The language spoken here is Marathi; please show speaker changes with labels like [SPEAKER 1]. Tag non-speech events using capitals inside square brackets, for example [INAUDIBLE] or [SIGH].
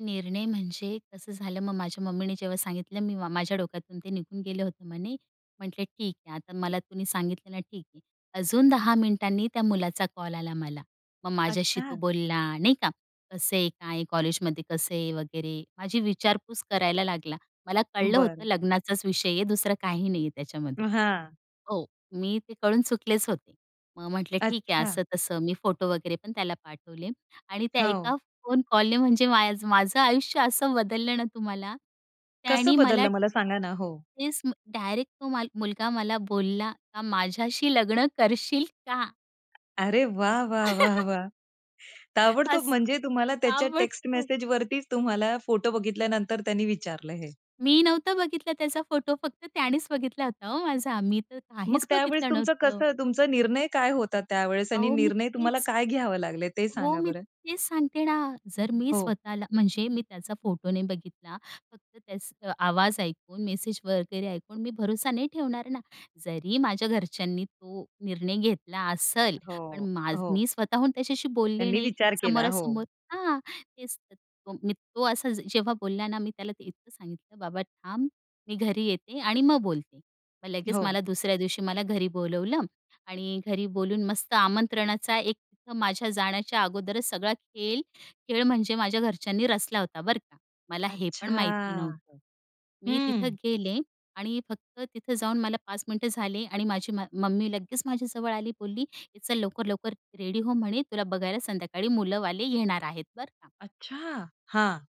[SPEAKER 1] निर्णय म्हणजे कसं झालं, मग माझ्या मम्मीने जेव्हा सांगितलं, मी "माझ्या डोक्यातून ते निघून गेले होते," म्हणे. म्हंटले, "ठीक आहे, आता मला तुम्ही सांगितलं ना ठीक आहे." अजून 10 मिनिटांनी त्या मुलाचा कॉल आला मला. मग माझ्याशी तो
[SPEAKER 2] अच्छा.
[SPEAKER 1] बोलला नाही का कसं आहे, काय कॉलेजमध्ये कसं आहे वगैरे माझी विचारपूस करायला लागला. मला कळलं होतं
[SPEAKER 2] बरं.
[SPEAKER 1] लग्नाचाच विषय आहे, दुसरं काही नाहीये
[SPEAKER 2] अ,
[SPEAKER 1] त्याच्यामध्ये
[SPEAKER 2] हां.
[SPEAKER 1] हो, मी ते कळून चुकलेच होते. मग म्हंटले, "ठीक आहे,"
[SPEAKER 2] अच्छा.
[SPEAKER 1] असं तसं. मी फोटो वगैरेपण त्याला पाठवले आणि त्या एका
[SPEAKER 2] हो.
[SPEAKER 1] फोन कॉलने म्हणजे माय माझं आयुष्य असं बदललं ना तुम्हाला. त्यानी
[SPEAKER 2] कसं
[SPEAKER 1] मला
[SPEAKER 2] बदललं? मला सांगा ना. हो.
[SPEAKER 1] तेच मग डायरेक्ट तो मला मुलगा मला बोलला का, "माझ्याशी लग्न करशील का?"
[SPEAKER 2] अरे, वाह, वाह, वाह, वाह!
[SPEAKER 1] [CHUCKLES]
[SPEAKER 2] ताबडतोब
[SPEAKER 1] असं.
[SPEAKER 2] म्हणजे तुम्हाला त्याच्या टेक्स्ट
[SPEAKER 1] आवडतो.
[SPEAKER 2] मेसेजवरती तुम्हाला फोटो बघितल्यानंतर त्यांनी विचारलं हे.
[SPEAKER 1] मी नव्हता बघितला त्याचा फोटो. फक्त त्यानीच बघितला होता हो माझा. मी तर
[SPEAKER 2] मग
[SPEAKER 1] काहीच
[SPEAKER 2] त्यावेळेस
[SPEAKER 1] बघितलं
[SPEAKER 2] तुमचं
[SPEAKER 1] नव्हतं.
[SPEAKER 2] कसं तुमचा निर्णय काय होता त्यावेळेस आणि
[SPEAKER 1] अहो, मी
[SPEAKER 2] निर्णय तुम्हाला
[SPEAKER 1] तेच
[SPEAKER 2] काय घ्यावे लागले ते
[SPEAKER 1] हो,
[SPEAKER 2] सांगा
[SPEAKER 1] मी
[SPEAKER 2] बरं?
[SPEAKER 1] तेच सांगते ना, जर मी
[SPEAKER 2] हो.
[SPEAKER 1] स्वतःला म्हणजे मी त्याचा फोटो नाही बघितला, फक्त त्याच आवाज ऐकून, मेसेज वगैरे ऐकून मी भरोसा नाही ठेवणार ना. जरी माझ्या घरच्यांनी तो निर्णय घेतला असेल, पण
[SPEAKER 2] हो,
[SPEAKER 1] माझं
[SPEAKER 2] हो.
[SPEAKER 1] मी स्वतःहून त्याच्याशी बोलले
[SPEAKER 2] त्यांनी
[SPEAKER 1] नाही
[SPEAKER 2] विचार केला हो.
[SPEAKER 1] समोरासमोर हां, तेच तो मी तो असा जेव्हा बोलला ना मी त्याला ते इतकं सांगितलं, "बाबा थांब, मी घरी येते आणि मग बोलते." मग लगेच
[SPEAKER 2] हो.
[SPEAKER 1] मला दुसऱ्या दिवशी मला घरी बोलावलं आणि घरी बोलून मस्त आमंत्रणाचा एक तिथं माझ्या जाण्याच्या अगोदरच सगळा खेळ, खेळ म्हणजे माझ्या घरच्यांनी रचला होता बरं का. मला हेपण माहिती
[SPEAKER 2] अच्छा!
[SPEAKER 1] नव्हतं. मी तिथं
[SPEAKER 2] हं.
[SPEAKER 1] गेले आणि फक्त तिथं जाऊन मला 5 मिनिटं झाले आणि माझी मा मम्मी लगेच माझ्याजवळ आली. बोलली, "ये चल लवकर-लवकर रेडी हो," म्हणे, "तुला बघायला संध्याकाळी मुलंवाले येणार आहेत," बरं का.
[SPEAKER 2] अच्छा! हां.